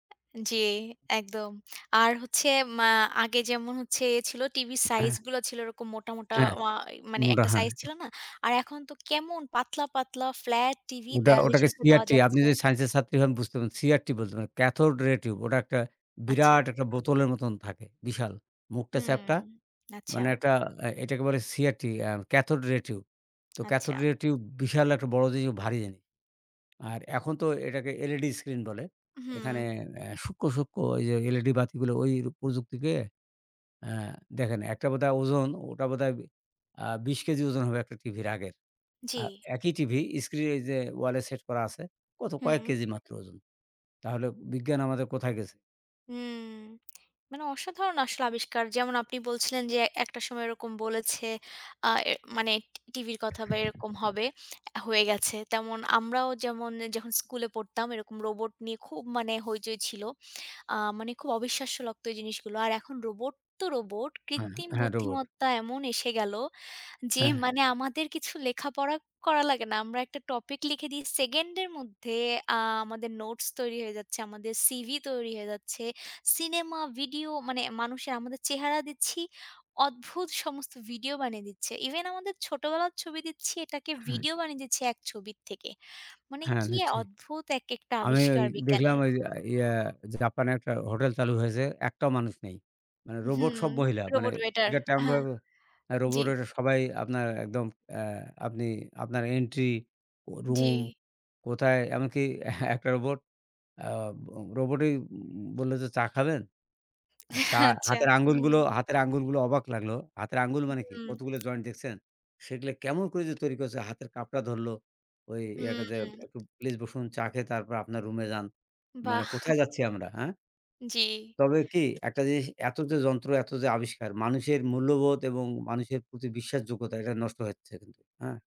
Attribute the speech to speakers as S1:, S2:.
S1: জি, একদম। আর হচ্ছে মা আগে যেমন হচ্ছে এ ছিল, টিভির সাইজ
S2: হ্যাঁ।
S1: গুলো ছিল এরকম মোটা, মোটা
S2: হ্যাঁ।
S1: ওয়া মানে
S2: মোটা,
S1: একটা
S2: হ্যাঁ।
S1: সাইজ ছিল না? আর এখন তো কেমন পাতলা, পাতলা ফ্লাট টিভি,
S2: ওটা
S1: দেয়ালের
S2: ওটাকে
S1: সাথে দেওয়া
S2: CRT আপনি
S1: যাচ্ছে।
S2: যদি স্যাইন্স এর ছাত্রী হন, বুঝতেন। CRT বলতেন। Cathode ray tube. ওটা একটা
S1: আচ্ছা।
S2: বিরাট একটা বোতলের মতন থাকে। বিশাল। মুখটা
S1: হুম,
S2: চ্যাপ্টা।
S1: আচ্ছা।
S2: মানে একটা আ এটাকে বলে CRT, a cathode ray tube. তো
S1: আচ্ছা।
S2: ক্যাথড রে টিউব, বিশাল একটা বড় জিনিস, ও ভারী জিনিস। আর এখন তো এটাকে LED স্ক্রিন বলে। এখানে
S1: হুম।
S2: এ সূক্ষ্ম, সূক্ষ্ম ওই যে LED বাতিগুলো, ওই প্রযুক্তিকে আ দেখেন, একটা বোধহয় ওজন ওটা বোধহয় বি আ বিশ কেজি ওজন হবে, একটা টিভির আগের।
S1: জি।
S2: আ একই টিভি স্ক্রিন এই যে, ওয়ালে সেট করা আছে, কত? কয়েক
S1: হুম।
S2: কেজি মাত্র ওজন। তাহলে বিজ্ঞান আমাদের কোথায় গেছে?
S1: হুম। মানে অসাধারণ আসলে আবিষ্কার। যেমন আপনি বলছিলেন যে, একটা সময় এরকম বলেছে আ মানে টি টিভির কথা বা এরকম হবে, হয়ে গেছে। তেমন আমরাও যেমন এ যখন স্কুলে পড়তাম, এরকম রোবট নিয়ে খুব মানে হৈচৈ ছিল। আ মানে খুব অবিশ্বাস্য লাগত জিনিসগুলো। আর এখন রোবট তো রোবট;
S2: এহ
S1: কৃত্রিম
S2: হ্যাঁ রোবোট।
S1: বুদ্ধিমত্তা এমন এসে গেল যে
S2: হ্যাঁ।
S1: মানে, আমাদের কিছু লেখাপড়া করা লাগে না। আমরা একটা টপিক লিখে দিই, সেকেন্ড এর মধ্যে আ আমাদের নোটস তৈরি হয়ে যাচ্ছে, আমাদের CV তৈরি হয়ে যাচ্ছে। ছিনেমা, ভিডিও মানে মানুষের, আমাদের চেহারা দিচ্ছি, অদ্ভুত সমস্ত ভিডিও বানিয়ে দিচ্ছে। ইভেন আমাদের ছোটবেলার ছবি দিচ্ছি, এটাকে
S2: হ্যাঁ।
S1: ভিডিও বানিয়ে দিচ্ছে এক ছবির থেকে। মানে
S2: হ্যাঁ।
S1: কি
S2: নিশ্চয়ই।
S1: অদ্ভুত এক একটা
S2: আমি ঐ
S1: আবিষ্কার
S2: দেখলাম
S1: বিজ্ঞানের।
S2: ঐযে ইয়া, জাপানে একটা হোটেল চালু হয়েছে। একটাও মানুষ নেই। মানে রোবট
S1: হুম।
S2: সব মহিলা। মানে
S1: রোবট ওয়েটার,
S2: টিকিট কাউন্টার
S1: হ্যাঁ। জি।
S2: রোবোট, ঐটা সবাই আপনার একদম অ্যা আপনি আপনার এন্ট্রি, রুম
S1: জি।
S2: কোথায়? এমনকি একটা রোবোট আ ব রোবটই উম বলল যে, "চা খাবেন?" চা
S1: আচ্ছা,
S2: হাতের আঙ্গুলগুলো,
S1: হুম।
S2: হাতের আঙ্গুলগুলো অবাক লাগলো। হাতের আঙ্গুল
S1: হুম,
S2: মানে কি?
S1: হুম।
S2: কতগুলো জয়েন্ট দেখছেন? সেগুলা কেমন করে যে তৈরি করছে? হাতের কাপটা ধরলো। ওই
S1: হুম,
S2: একটা যে,
S1: হুম।
S2: একটু "প্লিজ বসুন, চা খেয়ে তারপর আপনার রুম এ যান।" মানে
S1: বাহ!
S2: কোথায় যাচ্ছি আমরা, হ্যাঁ?
S1: জি।
S2: তবে কি? একটা জিনিস এত যে যন্ত্র, এত যে আবিষ্কার, মানুষের মূল্যবোধ এবং মানুষের প্রতি বিশ্বাসযোগ্যতা, এটা নষ্ট হচ্ছে কিন্তু, হ্যাঁ?